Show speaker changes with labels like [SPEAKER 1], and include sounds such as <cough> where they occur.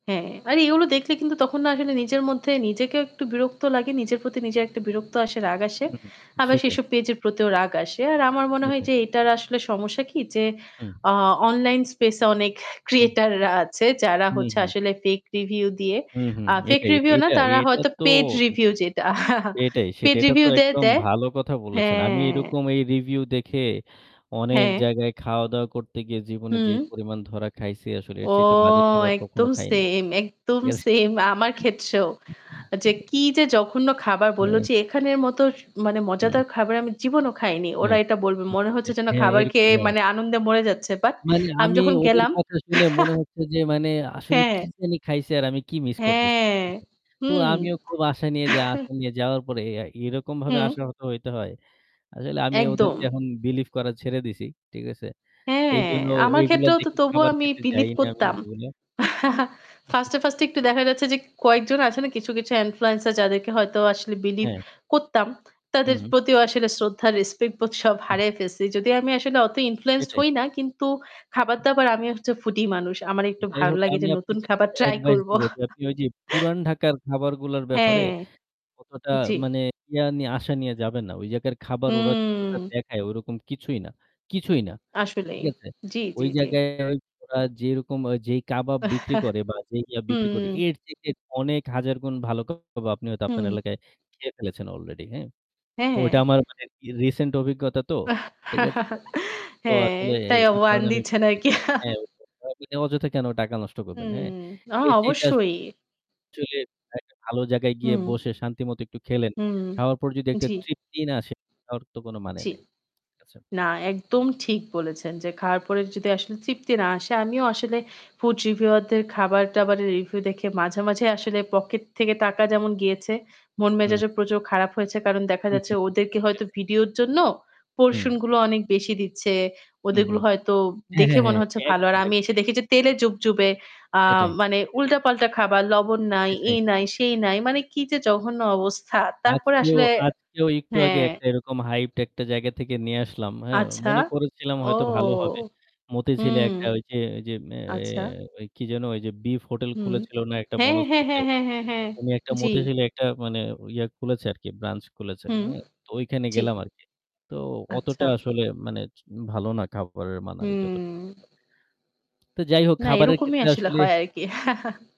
[SPEAKER 1] হ্যাঁ, আর এগুলো দেখলে কিন্তু তখন না আসলে নিজের মধ্যে নিজেকেও একটু বিরক্ত লাগে। নিজের প্রতি নিজের একটা বিরক্ত আসে, রাগ আসে।
[SPEAKER 2] উম হুম।
[SPEAKER 1] আবার
[SPEAKER 2] সেটাই।
[SPEAKER 1] সেসব পেজের প্রতিও রাগ আসে। আর আমার মনে হয়
[SPEAKER 2] সেটাই।
[SPEAKER 1] যে এটার আসলে সমস্যা কি যে,
[SPEAKER 2] হুম।
[SPEAKER 1] আ online space এ অনেক
[SPEAKER 2] হুম।
[SPEAKER 1] creator রা আছে যারা
[SPEAKER 2] হুম,
[SPEAKER 1] হচ্ছে
[SPEAKER 2] হুম।
[SPEAKER 1] আসলে fake review দিয়ে
[SPEAKER 2] হুম, হুম।
[SPEAKER 1] আ fake
[SPEAKER 2] এটাই
[SPEAKER 1] review না
[SPEAKER 2] এইটা
[SPEAKER 1] তারা
[SPEAKER 2] এইটা
[SPEAKER 1] হয়তো
[SPEAKER 2] তো
[SPEAKER 1] paid review যেটা <chuckles>
[SPEAKER 2] এটাই।
[SPEAKER 1] paid
[SPEAKER 2] সেটা তো
[SPEAKER 1] review দিয়ে
[SPEAKER 2] একদম
[SPEAKER 1] দেয়
[SPEAKER 2] ভালো কথা বলেছেন। আমি
[SPEAKER 1] হ্যাঁ।
[SPEAKER 2] এরকম এই review দেখে অনেক
[SPEAKER 1] হ্যাঁ।
[SPEAKER 2] জায়গায় খাওয়া-দাওয়া করতে গিয়ে জীবনে যে
[SPEAKER 1] হুম।
[SPEAKER 2] পরিমাণ ধরা খাইছি আসলে এর
[SPEAKER 1] ও,
[SPEAKER 2] চাইতে বাজে খাবার কখনো
[SPEAKER 1] একদম
[SPEAKER 2] খাই নাই।
[SPEAKER 1] সেইম একদম
[SPEAKER 2] ঠিক আছে?
[SPEAKER 1] সেইম। আমার ক্ষেত্রেও। যে
[SPEAKER 2] আমি
[SPEAKER 1] কি যে জঘন্য খাবার! বললো
[SPEAKER 2] হ্যাঁ।
[SPEAKER 1] যে, "এখানের মতো মানে
[SPEAKER 2] হুম।
[SPEAKER 1] মজাদার খাবার আমি জীবনেও খাইনি।" ওরা
[SPEAKER 2] হ্যাঁ।
[SPEAKER 1] এটা বলবে
[SPEAKER 2] উম
[SPEAKER 1] মনে হচ্ছে
[SPEAKER 2] সেটাই।
[SPEAKER 1] যেন
[SPEAKER 2] হ্যাঁ,
[SPEAKER 1] খাবার খেয়ে
[SPEAKER 2] এরকমই, হ্যাঁ।
[SPEAKER 1] মানে আনন্দে মরে যাচ্ছে। বাট
[SPEAKER 2] মানে
[SPEAKER 1] আমি
[SPEAKER 2] আমি
[SPEAKER 1] যখন
[SPEAKER 2] ওদের
[SPEAKER 1] গেলাম
[SPEAKER 2] কথা শুনে মনে
[SPEAKER 1] <chuckles>
[SPEAKER 2] হচ্ছে যে মানে আসলে
[SPEAKER 1] হ্যাঁ।
[SPEAKER 2] কি জানি খাইছে আর আমি কি মিস করতেছি।
[SPEAKER 1] হ্যাঁ।
[SPEAKER 2] <unintelligible> তো
[SPEAKER 1] হুম।
[SPEAKER 2] আমিও
[SPEAKER 1] <chuckles>
[SPEAKER 2] খুব আশা নিয়ে যাওয়া আশা নিয়ে যাওয়ার পরে এরকমভাবে
[SPEAKER 1] হুম।
[SPEAKER 2] আশাহত হইতে হয়। আসলে আমি
[SPEAKER 1] একদম।
[SPEAKER 2] ওদেরকে এখন believe করা ছেড়ে দিছি। ঠিক আছে?
[SPEAKER 1] হ্যাঁ,
[SPEAKER 2] এইজন্য ওই
[SPEAKER 1] আমার
[SPEAKER 2] ওইগুলা
[SPEAKER 1] ক্ষেত্রেও তো
[SPEAKER 2] দেখে
[SPEAKER 1] তবুও
[SPEAKER 2] খাবার
[SPEAKER 1] আমি
[SPEAKER 2] খেতে যাই
[SPEAKER 1] believe
[SPEAKER 2] না আমি
[SPEAKER 1] করতাম।
[SPEAKER 2] ওইগুলা।
[SPEAKER 1] <chuckles> 1st এ
[SPEAKER 2] <chuckles>
[SPEAKER 1] 1st এ একটু দেখা যাচ্ছে যে কয়েকজন আছে না? কিছু, কিছু influencer যাদেরকে হয়তো আসলে believe
[SPEAKER 2] হ্যাঁ।
[SPEAKER 1] করতাম।
[SPEAKER 2] হু,
[SPEAKER 1] তাদের
[SPEAKER 2] হুম।
[SPEAKER 1] প্রতিও আসলে শ্রদ্ধা, respect বোধ সব
[SPEAKER 2] হুম।
[SPEAKER 1] হারায়ে ফেলেছি। যদিও আমি আসলে অত influenced
[SPEAKER 2] সেটাই।
[SPEAKER 1] হই না। কিন্তু খাবার-দাবার, আমি হচ্ছে foodie মানুষ। আমার একটু
[SPEAKER 2] যাই
[SPEAKER 1] ভালো
[SPEAKER 2] হোক,
[SPEAKER 1] লাগে যে
[SPEAKER 2] আমি
[SPEAKER 1] নতুন
[SPEAKER 2] আপনাকে
[SPEAKER 1] খাবার
[SPEAKER 2] একটা
[SPEAKER 1] ট্রাই
[SPEAKER 2] advice
[SPEAKER 1] করবো।
[SPEAKER 2] দিব যে আপনি ওইযে
[SPEAKER 1] <chuckles>
[SPEAKER 2] পুরান ঢাকার খাবারগুলোর ব্যাপারে
[SPEAKER 1] হ্যাঁ।
[SPEAKER 2] অতটা
[SPEAKER 1] জি।
[SPEAKER 2] মানে ইয়া নিয়ে আশা নিয়ে যাবেন না। ওই জায়গার খাবার ওরা যতটা
[SPEAKER 1] হুম।
[SPEAKER 2] দেখায় ওরকম কিছুই না কিছুই না।
[SPEAKER 1] আসলেই।
[SPEAKER 2] ঠিক আছে?
[SPEAKER 1] জি,
[SPEAKER 2] ওই
[SPEAKER 1] জি, জি।
[SPEAKER 2] জায়গায় ওই ওরা যেইরকম যেই কাবাব বিক্রি
[SPEAKER 1] <chuckles>
[SPEAKER 2] করে বা যেই ইয়া বিক্রি করে
[SPEAKER 1] হুম।
[SPEAKER 2] এর চাইতে অনেক হাজার গুণ ভালো কাবাব আপনি হয়তো আপনার
[SPEAKER 1] হুম।
[SPEAKER 2] এলাকায় খেয়ে ফেলেছেন অলরেডি, হ্যাঁ? ও
[SPEAKER 1] হ্যাঁ।
[SPEAKER 2] ওইটা আমার মানে recent অভিজ্ঞতা তো।
[SPEAKER 1] হ্যাঁ,
[SPEAKER 2] ঠিক আছে? তো আসলে
[SPEAKER 1] <chuckles>
[SPEAKER 2] এ
[SPEAKER 1] তাই
[SPEAKER 2] এই
[SPEAKER 1] warn
[SPEAKER 2] কারণে আমি
[SPEAKER 1] দিচ্ছেন
[SPEAKER 2] বলছি
[SPEAKER 1] আরকি?
[SPEAKER 2] যে হ্যাঁ,
[SPEAKER 1] <chuckles>
[SPEAKER 2] আপনি অযথা কেন টাকা নষ্ট করবেন,
[SPEAKER 1] হুম।
[SPEAKER 2] হ্যাঁ?
[SPEAKER 1] না
[SPEAKER 2] এর চাইতে
[SPEAKER 1] অবশ্যই।
[SPEAKER 2] আসলে একটা ভালো জায়গায় গিয়ে
[SPEAKER 1] হুম।
[SPEAKER 2] বসে শান্তি মতো একটু খেলেন।
[SPEAKER 1] হুম।
[SPEAKER 2] খাওয়ার পর যদি একটা
[SPEAKER 1] জি।
[SPEAKER 2] তৃপ্তি না আসে খাওয়ার তো কোন মানে
[SPEAKER 1] জি।
[SPEAKER 2] নাই। আচ্ছা।
[SPEAKER 1] না, একদম ঠিক বলেছেন যে খাওয়ার পরে যদি আসলে তৃপ্তি না আসে আমিও আসলে food reviewer দের খাবার-দাবারের review দেখে মাঝেমাঝেই আসলে pocket থেকে টাকা যেমন গিয়েছে,
[SPEAKER 2] হুম।
[SPEAKER 1] মন-মেজাজও প্রচুর খারাপ হয়েছে। কারণ দেখা
[SPEAKER 2] হু,
[SPEAKER 1] যাচ্ছে
[SPEAKER 2] হু, হু।
[SPEAKER 1] ওদেরকে হয়তো
[SPEAKER 2] সেটাই।
[SPEAKER 1] ভিডিওর জন্য
[SPEAKER 2] হুম।
[SPEAKER 1] portion গুলো অনেক বেশি দিচ্ছে।
[SPEAKER 2] হু, হু।
[SPEAKER 1] ওদেরগুলো হয়তো
[SPEAKER 2] হ্যাঁ,
[SPEAKER 1] দেখে
[SPEAKER 2] হ্যাঁ, হ্যাঁ।
[SPEAKER 1] মনে হচ্ছে ভালো। আর
[SPEAKER 2] একদম,
[SPEAKER 1] আমি
[SPEAKER 2] একদম।
[SPEAKER 1] এসে দেখি যে তেলে জুবজুবে আ
[SPEAKER 2] সেটাই।
[SPEAKER 1] মানে উল্টাপাল্টা খাবার, লবণ নাই,
[SPEAKER 2] সেটাই।
[SPEAKER 1] এই নাই, সেই নাই। মানে কি যে জঘন্য অবস্থা! তারপরে
[SPEAKER 2] আজকেও
[SPEAKER 1] আসলে
[SPEAKER 2] আজকেও একটু আগে
[SPEAKER 1] হ্যাঁ।
[SPEAKER 2] একটা এরকম hyped একটা জায়গা থেকে নিয়ে আসলাম, হ্যাঁ?
[SPEAKER 1] আচ্ছা।
[SPEAKER 2] মনে করেছিলাম
[SPEAKER 1] ও,
[SPEAKER 2] হয়তো ভালো হবে। মতিঝিলে
[SPEAKER 1] হুম।
[SPEAKER 2] একটা ওইযে ওইযে এ
[SPEAKER 1] আচ্ছা।
[SPEAKER 2] ওই কি যেন ওইযে বিফ হোটেল
[SPEAKER 1] হুম। হুম।
[SPEAKER 2] খুলেছিল না একটা
[SPEAKER 1] হ্যাঁ, হ্যাঁ,
[SPEAKER 2] বনশ্রীতে?
[SPEAKER 1] হ্যাঁ, হ্যাঁ, হ্যাঁ, হ্যাঁ।
[SPEAKER 2] অইরকমই একটা
[SPEAKER 1] জি।
[SPEAKER 2] মতিঝিলে একটা মানে ইয়া খুলেছে আরকি, ব্রাঞ্চ খুলেছে।
[SPEAKER 1] হুম।
[SPEAKER 2] হ্যাঁ? তো ওইখানে
[SPEAKER 1] জি।
[SPEAKER 2] গেলাম আরকি। তো
[SPEAKER 1] আচ্ছা।
[SPEAKER 2] অতটা আসলে মানে ভালো না খাবারের মান আমি
[SPEAKER 1] হুম।
[SPEAKER 2] যতটুকু দেখলাম। তো যাই হোক,
[SPEAKER 1] না,
[SPEAKER 2] খাবারের
[SPEAKER 1] এরকমই
[SPEAKER 2] ক্ষেত্রে
[SPEAKER 1] আসলে
[SPEAKER 2] আসলে
[SPEAKER 1] হয় আরকি। <chuckles>